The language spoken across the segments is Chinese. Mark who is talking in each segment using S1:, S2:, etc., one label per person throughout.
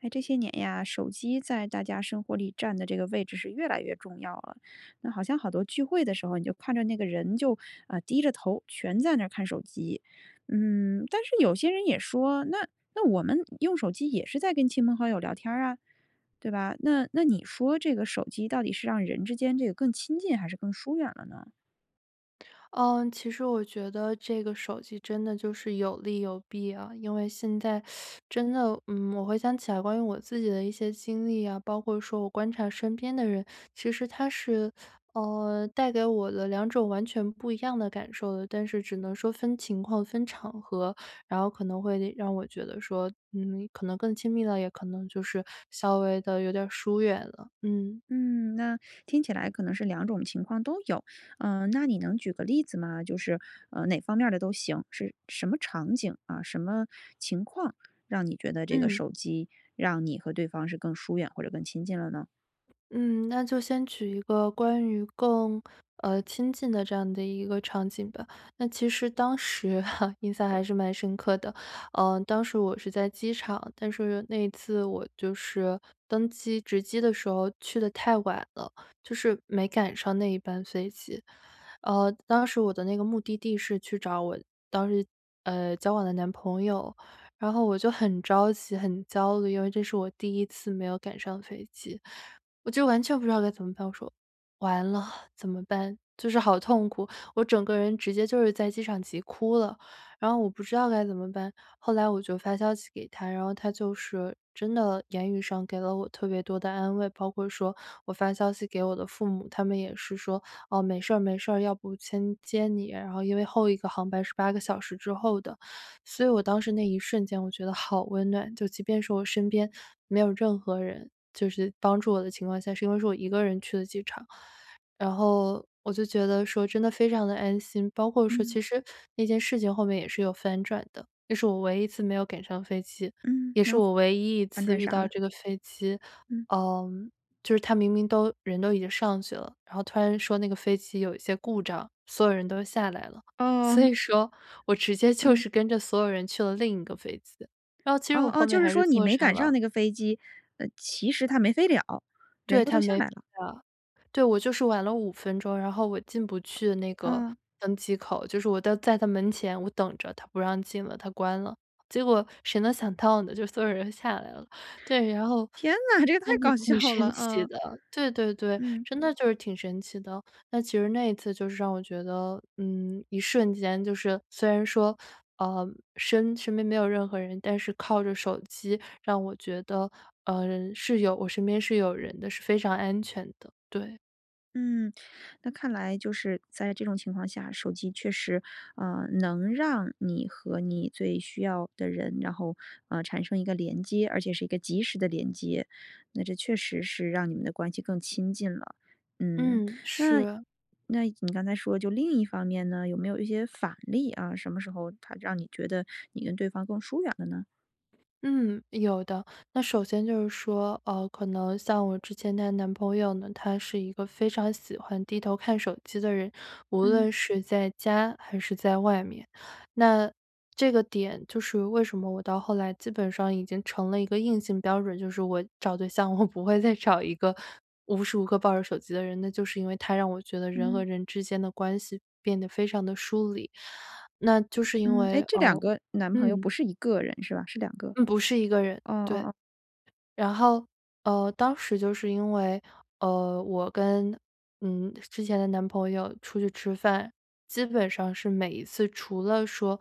S1: 诶，这些年呀，手机在大家生活里占的这个位置是越来越重要了。那好像好多聚会的时候，你就看着那个人就，呃，低着头全在那儿看手机。嗯，但是有些人也说：“那那我们用手机也是在跟亲朋好友聊天儿啊。”对吧？那那你说这个手机到底是让人之间这个更亲近还是更疏远了呢？
S2: 呃，其实我觉得这个手机真的就是有利有弊啊。因为现在 真的，嗯，我回想起来关于我自己的一些经历啊，包括说我观察身边的人，其实它是，呃，带给我的2种完全不一样的感受的。但是只能说分情况、分场合，然后可能会让我觉得说，嗯，可能更亲密了，也可能就是稍微地有点疏远了，嗯。
S1: 嗯，那听起来可能是2种情况都有，呃，那你能举个例子吗？就是，呃，哪方面儿的都行，是什么场景，啊，什么情况让你觉得这个
S2: 嗯。
S1: 手机，让你和对方是更疏远或者更亲近了呢？
S2: 嗯，那就先举一个关于更，呃，亲近的这样的一个场景吧。那其实当时 印象还是蛮深刻的。呃，当时我是在机场，但是那一次我就是登机值机的时候去得太晚了，就是没赶上那一班飞机。呃，当时我的那个目的地是去找我当时，呃，交往的男朋友。然后我就很着急、很焦虑，因为这是我第1次没有赶上飞机。我就完全不知道该怎么办，我说：”完了，怎么办？“就是好痛苦，我整个人直接就是在机场急哭了。然后我不知道该怎么办，后来我就发消息给他，然后他就是真的言语上给了我特别多的安慰，包括说我发消息给我的父母，他们也是说：”哦，没事儿没事儿，要不先接你。”然后因为后一个航班是8个小时之后的，所以我当时那一瞬间我觉得好温暖，就即便是我身边没有任何人就是帮助我的情况下，是因为是我1个人去的机场，然后我就觉得说真的非常地安心。包括说其
S1: 嗯。
S2: 实那件事情后面也是有反转的，那是我唯一一次没有赶上飞机，
S1: 嗯，
S2: 也
S1: 然
S2: 是
S1: 后
S2: 我唯一一
S1: 反
S2: 次
S1: 转
S2: 遇
S1: 啥
S2: 到
S1: 了。
S2: 这个飞机，
S1: 嗯。
S2: 呃，就是它明明都人都已经上去了，然后突然说那个飞机有一些故障，所有人都下来了。所
S1: 哦。
S2: 以说我直接就
S1: 嗯。
S2: 是跟着所有人去了另一个飞机，然后其实
S1: 哦
S2: 我
S1: 哦，
S2: 后
S1: 就
S2: 面
S1: 是
S2: 还是
S1: 说你
S2: 坐
S1: 没
S2: 上
S1: 赶上
S2: 了。
S1: 那个飞机，呃，其实它没飞了，人
S2: 对，
S1: 又都
S2: 它
S1: 下
S2: 没是
S1: 来了。
S2: 的。对，我就是晚了5分钟，然后我进不去那个
S1: 嗯。
S2: 登机口，就是我都在它门前，我等着，它不让进了，它关了。结果谁能想到呢，就所有人都下来了。对，然后
S1: 天哪，这个
S2: 真
S1: 太
S2: 的
S1: 搞
S2: 挺
S1: 笑
S2: 神
S1: 了，
S2: 奇
S1: 嗯。
S2: 的，对对对，
S1: 嗯。
S2: 真的就是挺神奇的。那其实那一次就是让我觉得，嗯，一瞬间，就是虽然说，呃，身身边没有任何人，但是靠着手机让我觉得，呃，是有我身边是有人的，是非常安全的，对。
S1: 嗯，那看来就是，在这种情况下，手机确实，呃，能让你和你最需要的人，然后，呃，产生一个连接，而且是一个即时的连接。那这确实是让你们的关系更亲近了。嗯，
S2: 嗯，
S1: 那
S2: 是。
S1: 那你刚才说就另一方面呢，有没有一些反例啊，什么时候它让你觉得你跟对方更疏远了呢？
S2: 嗯，有的。那首先就是说，呃，可能像我之前的男朋友呢，他是一个非常喜欢低头看手机的人，无
S1: 嗯。
S2: 论是在家还是在外面。那这个点就是为什么我到后来基本上已经成了一个硬性标准，就是我找对象我不会再找一个无时无刻抱着手机的人。那就是因为他让我觉得人和
S1: 嗯。
S2: 人之间的关系变得非常地疏离，那就是因
S1: 嗯。
S2: 为，
S1: 诶，这2
S2: 呃
S1: 个，男朋友，
S2: 嗯。
S1: 不是1个人是吧？是2个。
S2: 嗯，不是一个人，
S1: 哦哦
S2: 对。
S1: 哦。
S2: 然后呃，当时就是因为，呃，我跟，嗯，之前的男朋友出去吃饭，基本上是每一次，除了说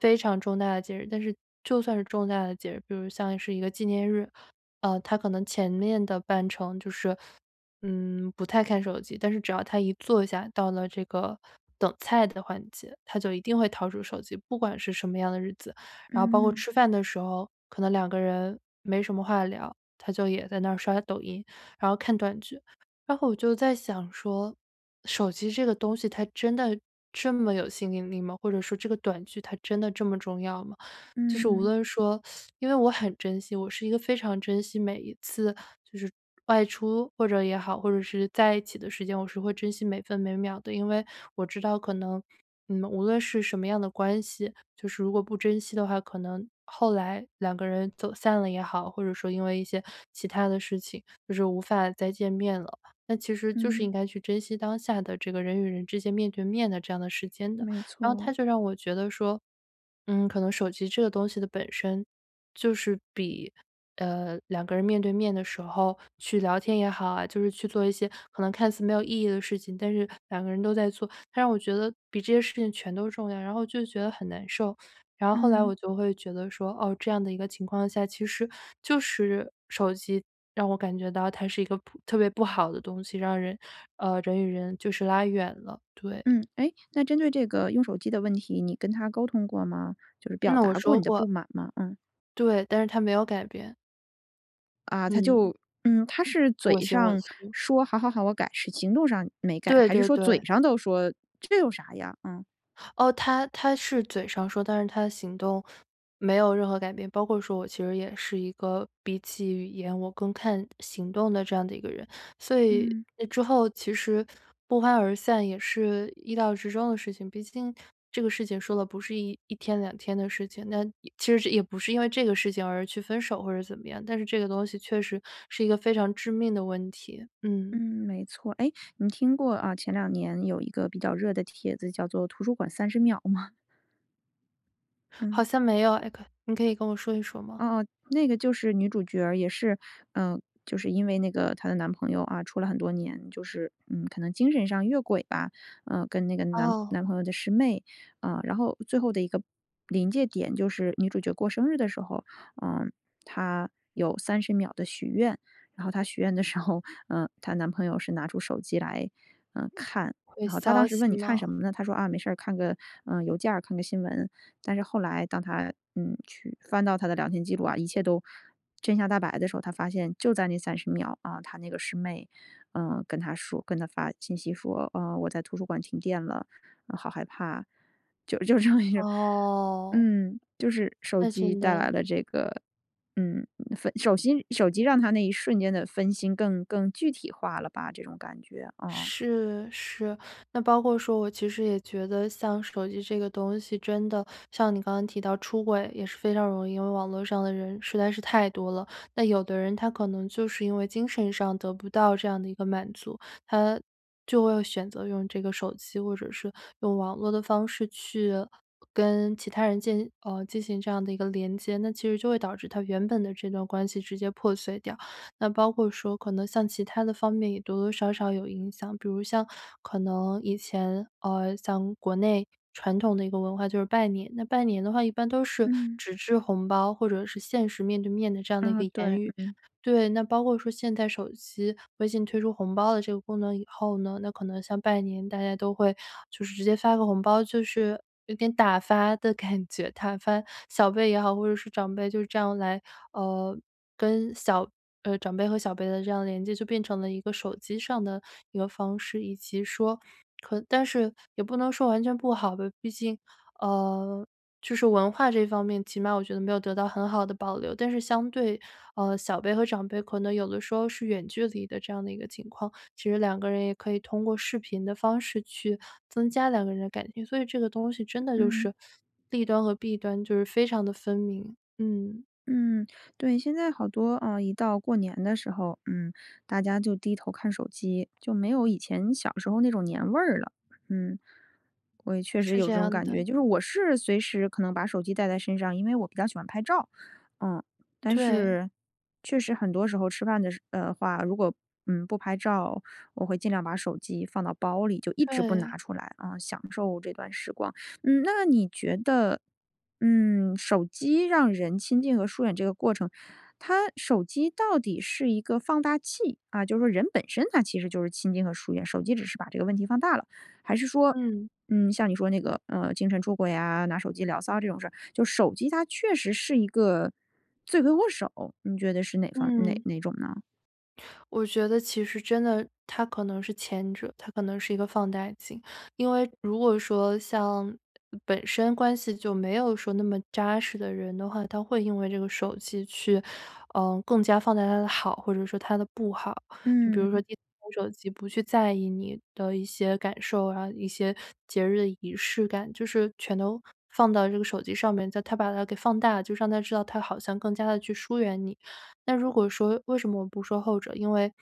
S2: 非常重大的节日但是就算是重大的节日，比如像是一个纪念日，呃，他可能前面的半程就是，嗯，不太看手机。但是只要他一坐下到了这个等菜的环节，他就一定会掏出手机，不管是什么样的日子。然后包括
S1: 嗯。
S2: 吃饭的时候，可能两个人，没什么话聊，他就也在那刷抖音，然后看短剧。然后我就在想说：“手机这个东西它真的，这么有吸引力吗？或者说这个短剧它真的这么重要吗？”就
S1: 嗯
S2: 是无
S1: 嗯。
S2: 论说 因为我很珍惜，我是一个非常珍惜每一次，就是外出或者也好，或者是在一起的时间，我是会珍惜每分每秒的。因为，我知道可能嗯，无论是什么样的关系，就是如果不珍惜的话，可能后来两个人走散了也好，或者说因为一些其他的事情，就是无法再见面了。那其实就是
S1: 嗯。
S2: 应该去珍惜当下的这个人与人之间面对面的这样的时间的。
S1: 没
S2: 然后
S1: 错。
S2: 他就让我觉得说，嗯，可能手机这个东西的本身，就是比呃，两个人面对面的时候去聊天也好啊，就是去做一些可能看似没有意义的事情，但是两个人都在做，他让我觉得比这些事情全都重要，然后我就觉得很难受。然后后来
S1: 嗯。
S2: 我就会觉得说，哦，这样的一个情况下，其实就是手机让我感觉到它是一个不特别不好的东西，让人呃，人与人就是拉远了，对。
S1: 嗯。哎，那针对这个用手机的问题，你跟他沟通过吗？就是表
S2: 那我
S1: 达过
S2: 说
S1: 你的
S2: 过
S1: 不满吗？嗯。
S2: 对，但是他没有改变。
S1: 啊，他
S2: 嗯。
S1: 就嗯，他是嘴
S2: 我行我
S1: 上
S2: 素。
S1: 说“好好好，我改。”是行动上没改，
S2: 对
S1: 还是
S2: 对
S1: 说嘴
S2: 对。
S1: 上都说“这有啥呀？”嗯。
S2: 哦，他他是嘴上说，但是他的行动没有任何改变。包括说我其实也是一个比起语言我更看行动的这样的一个人，所以
S1: 嗯。
S2: 之后其实不欢而散也是意料之中的事情。毕竟这个事情说的不是一一天2天的事情，那也其实也不是因为这个事情而去分手或者怎么样，但是这个东西确实是一个非常致命的问题。
S1: 嗯，
S2: 嗯。
S1: 没错。哎，你听过啊，前2年有一个比较热的帖子叫做图书馆30秒吗？
S2: 好
S1: 嗯。
S2: 像没有哎，可你可以跟我说一说吗？
S1: 啊，那个就是女主角，也是，呃就是因为那个她的男朋友，啊，出了很多年就是，嗯，可能精神上越轨吧，呃，跟那个男
S2: 哦。
S1: 男朋友的师妹啊。然后最后的一个临界点就是女主角过生日的时候，呃，她有30秒的许愿。然后她许愿的时候，呃，她男朋友是拿出手机来，呃，看。
S2: 回
S1: 然后她当
S2: 消
S1: 时问：
S2: 息
S1: “你看
S2: 吗？
S1: 什么呢？”他说：“啊，没事儿，看个，呃，邮件儿、看个新闻。”但是后来当她，嗯，去翻到他的聊天记录啊，一切都真相大白的时候，她发现就在那30秒啊，他那个师妹，呃，跟他说跟他发信息说，“呃，我在图书馆，停电了，呃，好害怕。”就就这么，
S2: 哦。
S1: 嗯，就是手
S2: 唉，
S1: 机
S2: 真
S1: 带来
S2: 的。
S1: 了这个，嗯，手心手机让他那一瞬间的分心更更具体化了吧，这种感觉啊。
S2: 是是。那包括说我其实也觉得像手机这个东西真的像你刚刚提到出轨也是非常容易，因为网络上的人实在是太多了。那有的人他可能就是因为精神上得不到这样的一个满足，他就会选择用这个手机，或者是用网络的方式去跟其他人建呃，进行这样的一个连接。那其实就会导致他原本的这段关系直接破碎掉，那包括说可能像其他的方面也多多少少有影响，比如像可能以前，呃，像国内传统的一个文化就是拜年。那拜年的话，一般都是
S1: 嗯。
S2: 纸质红包，或者是现实面对面的这样的一个
S1: 啊，
S2: 言
S1: 对，
S2: 语。
S1: 嗯。
S2: 对，那包括说现代手机微信推出红包的这个功能以后呢，那可能像拜年，大家都会就是直接发个红包，就是有点打发的感觉。打发小辈也好，或者是长辈，就是这样来，呃，跟小呃，长辈和小辈的这样连接就变成了一个手机上的一个方式，以及说可但是也不能说完全不好吧，毕竟，呃，就是文化这方面起码我觉得没有得到很好的保留。但是相对，呃，小辈和长辈可能有的时候是远距离的这样的一个情况，其实2个人也可以通过视频的方式去增加2个人的感情。所以这个东西真的就
S1: 嗯。
S2: 是利端和弊端，就是非常地分明。嗯。
S1: 嗯，对，现在好多啊，一到过年的时候，嗯，大家就低头看手机，就没有以前小时候那种年味儿了，嗯。我也确实
S2: 是
S1: 有
S2: 这
S1: 这种
S2: 样
S1: 感觉。
S2: 的。
S1: 就是我是随时可能把手机带在身上，因为我比较喜欢拍照，嗯。但
S2: 对。
S1: 是确实很多时候吃饭的时呃，话，如果，嗯，不拍照，我会尽量把手机放到包里，就一直不
S2: 对。
S1: 拿出来，啊，享受这段时光。嗯，那你觉得，嗯，手机让人亲近和疏远这个过程，它手机到底是一个放大器，啊，就说人本身他其实就是亲近和疏远，手机只是把这个问题放大了。还是说，
S2: 嗯。
S1: 嗯，像你说那个，呃，精神出轨啊，拿手机聊骚这种事儿，就是手机它确实是一个罪魁祸首。你觉得是哪方哪
S2: 嗯。
S1: 哪种呢？
S2: 我觉得其实真的它可能是前者，它可能是一个放大镜。因为如果说像，呃，本身关系就没有说那么扎实的人的话，他会因为这个手机去，呃，更加放大他的好，或者说他的不好。就比如说
S1: 嗯。
S2: 低头玩手机不去在意你的一些感受啊、一些节日的仪式感，就是全都放到这个手机上面，在它把它给放大了，就让他知道他好像更加地去疏远你。那如果说为什么我不说后者，因为，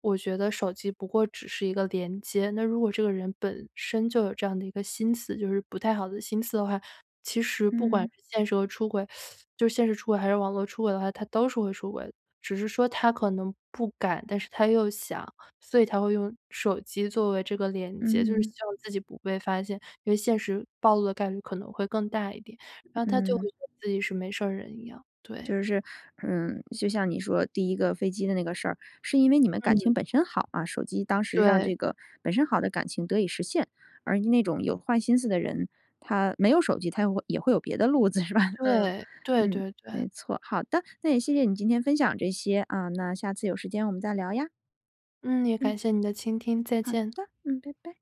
S2: 我觉得手机不过只是一个连接，那如果这个人本身就有这样的一个心思就是不太好的心思的话，其实不管
S1: 嗯。
S2: 是现实和出轨 就是现实出轨还是网络出轨的话，他都是会出轨的。只是说他可能不敢，但是他又想。所以他会用手机作为这个连接，就是
S1: 嗯。
S2: 希望自己不被发现。因为现实暴露的概率可能会更大一点，然后他就
S1: 嗯。
S2: 会觉得自己是没事儿人一样，对。
S1: 就是嗯，就像你说第一个飞机的那个事儿，是因为你们感
S2: 嗯。
S1: 情本身好啊，手机当时让
S2: 对。
S1: 这个本身好的感情得以实现。而那种有坏心思的人，他没有手机他也也会有别的路子是吧？嗯，
S2: 对，对
S1: 嗯，
S2: 对对。
S1: 没错。好的，那也谢谢你今天分享这些，啊，那下次有时间我们再聊呀。
S2: 嗯，也
S1: 嗯。
S2: 感谢你的倾听，再
S1: 好
S2: 见。
S1: 的，嗯，拜拜。